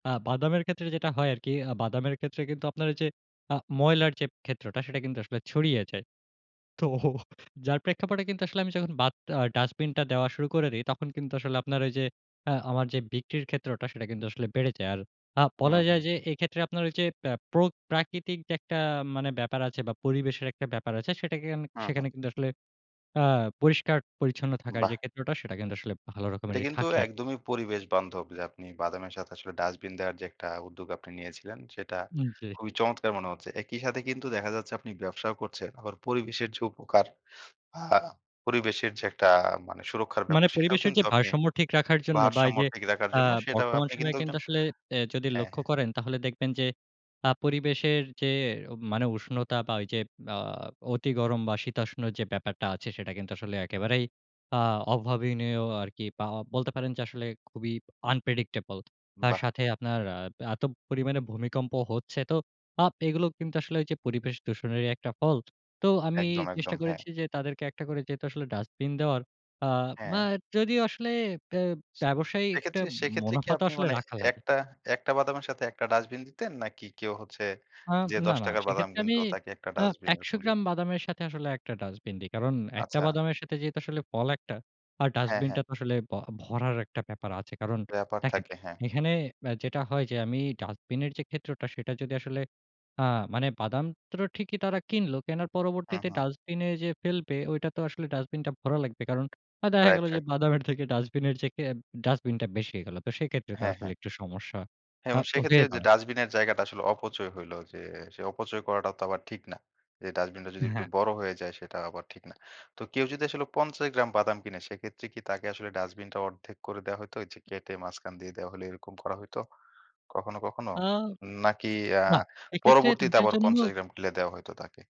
আ বাদামের ক্ষেত্রে যেটা হয় আরকি, আ বাদামের ক্ষেত্রে কিন্তু আপনার ওই যে, আ ময়লার যে, ক্ষেত্রটা সেটা কিন্তু আসলে ছড়িয়ে যায়। তো যার প্রেক্ষাপটে কিন্তু আসলে আমি যখন বাত আ ডাস্টবিনটা দেওয়া শুরু করে দেই, তখন কিন্তু আসলে আপনার ওই যে, আ আমার যে, বিক্রির ক্ষেত্রটা সেটা কিন্তু আসলে বেড়ে যায়। আর আ হুম, বলা যায় হুম। যে, এইক্ষেত্রে আপনার ওই যে, প্রোক প্রাকৃতিক যে, একটা মানে ব্যাপার আছে বা পরিবেশের একটা ব্যাপার আছে সেটাকে আমি, হুম, হুম। সেখানে কিন্তু আসলে আ পরিষ্কার-পরিচ্ছন্ন থাকার যে, বাহ্‌। ক্ষেত্রটা সেটা কিন্তু আসলে ভালো এটা রকমেরই কিন্তু থাকে আর একদমই পরিবেশ বান্ধব যে, আপনি বাদামের সাথে আসলে ডাস্টবিন দেওয়ার যে, একটা উদ্যোগ আপনি নিয়েছিলেন, সেটা উম জি। খুবই চমৎকার মনে হচ্ছে। একই সাথে কিন্তু দেখা যাচ্ছে আপনি ব্যবসাও করছেন। আবার পরিবেশের যে, উপকার বা পরিবেশের যে, একটা মানে সুরক্ষার মানে ব্যাপার সেটাও পরিবেশের যে, কিন্তু আপনি ভারসাম্য ঠিক রাখার জন্য বা এই ভারসাম্য যে, ঠিক রাখার আ জন্য সেটাও বর্তমান আপনি কিন্তু সময়ে কিন্তু একজন আসলে অ্যা যদি হ্যাঁ, লক্ষ্য হ্যাঁ। করেন তাহলে দেখবেন যে, আ আপরিবেশের যে, উম মানে উষ্ণতা বা ওই যে, আ অতি গরম বা শীতাষ্ণ যে, ব্যাপারটা আছে সেটা কিন্তু আসলে একেবারেই আ অভাবনীয় আরকি পা বলতে পারেন যে, আসলে খুবই unpredictable তার বাহ! সাথে আপনার আ এত পরিমাণে ভূমিকম্প হচ্ছে তো আপ এগুলো কিন্তু আসলে ঐযে পরিবেশ দূষণেরই একটা ফল। তো আমি একদম, একদম চেষ্টা হ্যাঁ। করেছি যে, যে, তাদেরকে একটা করে যেহেতু আসলে ডাস্টবিন দেওয়ার আ মা হ্যাঁ। যদিও আসলে ব্য ব্যবসায়ী একটা সেক্ষেত্রে, সেক্ষেত্রে কি মুনাফা তো আপনি আসলে মানে রাখা ১ লাগে। টা, ১ টা বাদামের সাথে একটা ডাস্টবিন দিতেন নাকি কেউ হচ্ছে আম যে, না, ১০ না টাকার বাদাম সেক্ষেত্রে আমি কিনতো তাকে একটা আ ডাস্টবিন ১০০ এরকম দি গ্রাম বাদামের সাথে আসলে ১ টা ডাস্টবিন দেই। কারণ ১ টা আচ্ছা। বাদামের সাথে যেহেতু আসলে ফল ১ টা আর হ্যাঁ, হ্যাঁ। ডাস্টবিনটা তো আসলে ব ভরার একটা ব্যাপার আছে। কারণ ব্যাপার দেখেন থাকে, হ্যাঁ। এখানে ব্যা যেটা হয় যে, আমি ডাস্টবিনের যে, ক্ষেত্রটা সেটা যদি আসলে আ মানে বাদাম তো ঠিকই তারা কিনলো, কেনার হুম, পরবর্তীতে হুম। ডাস্টবিনে যে, ফেলবে ওইটা তো আসলে ডাস্টবিনটা ভরা লাগবে। কারণ আ দেখা রাইট, গেল যে, রাইট। বাদামের থেকে ডাস্টবিনের যে, কে ডাস্টবিনটা বেশি হয়ে গেলো। তো সেইক্ষেত্রে তো হ্যাঁ, আসলে হ্যাঁ। একটু সমস্যা এবং আপ সেক্ষেত্রে হয়ে যে, দাঁড়ায়। ডাস্টবিনের জায়গাটা আসলে অপচয় হইল যে, সে অপচয় করাটা তো আবার ঠিক না। যে, ডাস্টবিনটা যদি একটু হ্যাঁ। বড় হয়ে যায় সেটা আবার ঠিক না। তো কেউ যদি আসলে ৫০ গ্রাম বাদাম কিনে সেক্ষেত্রে কি তাকে আসলে ডাস্টবিনটা অর্ধেক করে দেয়া হইতো? ওইযে কেটে মাঝখান দিয়ে দেওয়া হইলে এরকম করা হইত? কখনো, কখনো? আ নাকি আ না, এক্ষেত্রে পরবর্তীতে তাদের আবার জন্য ৫০ গ্রাম কিনলে দেয়া হইতো তাকে?